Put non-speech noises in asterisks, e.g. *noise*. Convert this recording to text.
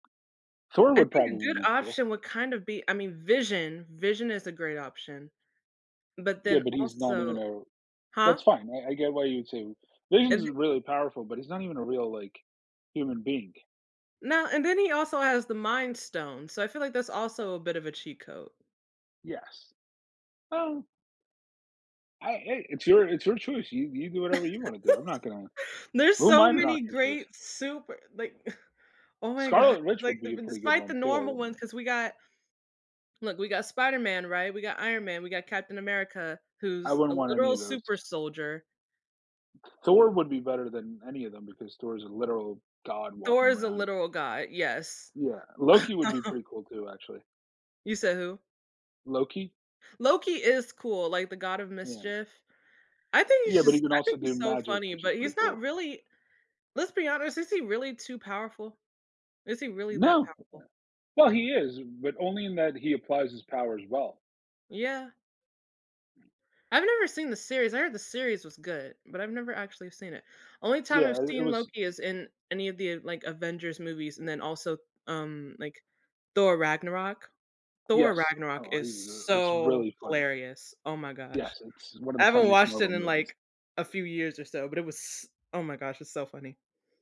Thor I would think a probably good be cool. option would kinda be I mean, Vision Vision is a great option. But Yeah, then but he's not even also a that's Huh? fine, I I get why you'd say, And the Vision's really powerful, but he's not even a real, like, human being. Now, and then he also has the mind stone, so I feel like that's also a bit of a cheat code. Yes. Oh I i it's your it's your choice. You you do whatever you wanna do. I'm not gonna *laughs* There's who am so I to knock many your choice? great super like, *scoffs* oh my god. Scarlet Witch Like, would d be a pretty good despite one the too, I normal didn't ones, 'cause we got look, we got Spider-Man, right? We got Iron Man, we got Captain America, I who's a wouldn't want any literal of those. super soldier. Thor would be better than any of them because Thor's a literal god Thor walking is a around. literal god, yes. Yeah, Loki would be *laughs* pretty cool too, actually. You said who? Loki. Loki is cool, like the god of Yeah. mischief. I think he's Yeah, but he just can I also think do he's so magic, funny which is but pretty he's not cool. really let's be honest is he really too powerful? Is he really that No. powerful? *unintelligible* Well, he is, but only in that he applies his powers well. Yeah. I've never seen the series. I heard the series was good, but I've never actually seen it. Only time Yeah, I've i it seen was Loki is in any of the, like, Avengers movies. And then also, um, like, Thor: Ragnarok. Thor: Yes. Ragnarok Oh, is he was it's so really funny. hilarious. Oh my gosh. Yes, it's one of I the haven't funniest watched it Marvel in, movies. like, a few years or so, but it was s oh my gosh. It's so funny.